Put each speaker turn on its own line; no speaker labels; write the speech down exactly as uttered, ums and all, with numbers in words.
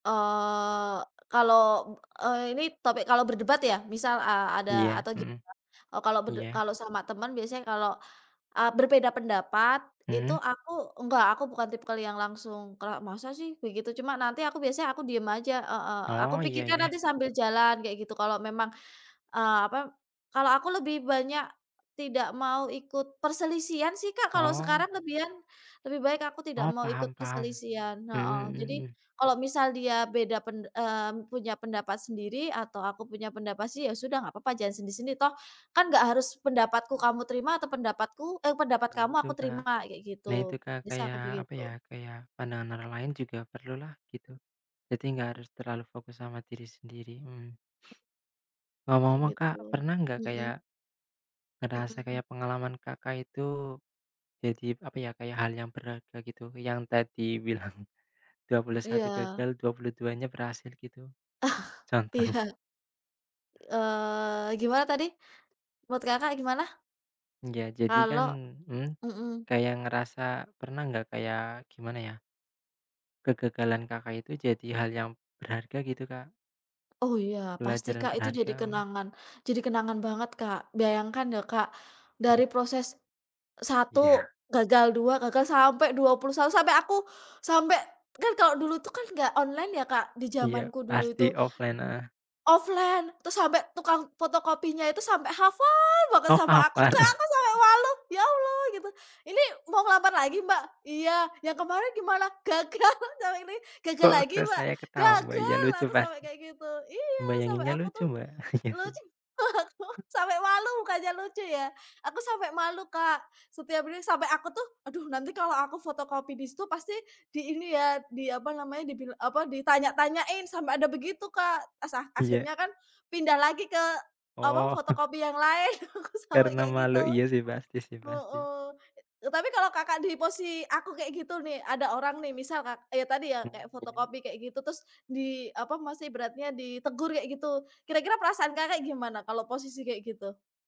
Eee, kalau, eee, ini topik kalau berdebat ya? Misal a ada,
Iya.
atau gimana?
Mhm.
Oh, kalau berde
Iya.
kalau sama teman biasanya kalau, eee, berbeda pendapat itu
Hmm.
aku enggak, aku bukan tipikal yang langsung kerak, "Masa sih?" Begitu. Cuma nanti aku biasanya aku diem aja heeh. Aku
Oh, iya
pikirkan
iya.
nanti sambil jalan kayak gitu. Kalau memang, eee apa kalau aku lebih banyak tidak mau ikut perselisihan sih Kak kalau
Oh.
sekarang lebihan. Lebih baik aku tidak
Oh,
mau ikut
paham paham.
perselisihan. Heeh.
Mhm mhm
Jadi
mhm.
kalau misal dia beda pen eee, punya pendapat sendiri atau aku punya pendapat sih ya sudah nggak papa sendiri-sendiri. Toh kan nggak harus pendapatku kamu terima atau pendapatku eee, pendapat
Nah
kamu
itu
aku
Kak.
terima, kayak
Nah itu
gitu.
Kak
Bisanya
kayak
aku
apa ya,
begitu.
kayak pandangan orang lain juga perlulah gitu. Jadi nggak harus terlalu fokus sama diri sendiri. Mhm.
Kayak
Ngomong-ngomong Kak,
gitu.
pernah gak
Mhm.
kayak ngerasa
Mhm.
kayak pengalaman Kakak itu jadi apa ya, kayak hal yang berharga gitu yang tadi bilang, dua puluh satu
Iya.
gagal, dua puluh dua nya berhasil gitu contohnya?
Iya. Eee, gimana tadi? Menurut Kakak gimana?
Ya jadikan
Kalau
mhm,
mhm.
kayak ngerasa pernah nggak kayak gimana ya kegagalan Kakak itu jadi hal yang berharga gitu Kak.
Oh iya pasti
Pelajaran
Kak, itu jadi
berharga, mhm.
kenangan jadi kenangan banget Kak. Bayangkan ya Kak,
Mhm.
dari proses satu
Iya.
gagal, dua gagal, sampai dua puluh satu, sampai aku sampai kan kalau dulu tuh kan nggak online ya Kak di
Iya,
zamanku dulu
pasti
itu.
offline. Heeh.
Offline, terus sampai tukang fotokopinya itu sampai hafal banget
Oh
sama aku
hafal.
Kak, aku sampai malu "Ya Allah!" Gitu. "Ini mau ngelamar lagi Mbak?" "Iya," "yang kemarin gimana?" "Gagal!" "Yang ini Gagal
Kok
lagi
kok
Mbak?"
saya ketawa. Wah iya
"Gagal!"
lucu
Aku sampai
pasti.
kayak gitu. Iya! Sampai
Bayanginnya
aku
lucu
tuh
Mbak. Iya sih
lucu, aku sampai malu bukannya lucu ya. Aku sampai malu Kak setiap ini sampai aku tuh, "Aduh nanti kalo aku fotokopi di situ pasti di ini ya, diapa namanya, dibil apa, ditanya-tanyain." Sampe ada begitu Kak. Asa
Iya.
akhirnya kan pindah lagi ke apa,
Oh, huh.
fotokopi yang lain. Aku sampai
Karena
kayak
malu.
gitu.
Iya sih pasti sih, pasti.
Heeh. E tapi kalau Kakak di posi aku kayak gitu nih, ada orang nih misal kak ya tadi ya,
Oh
kayak
iya.
fotokopi kayak gitu. Terus, di apa masih ibaratnya, ditegur kayak gitu. Kira-kira perasaan Kakak gimana kalau posisi kayak gitu?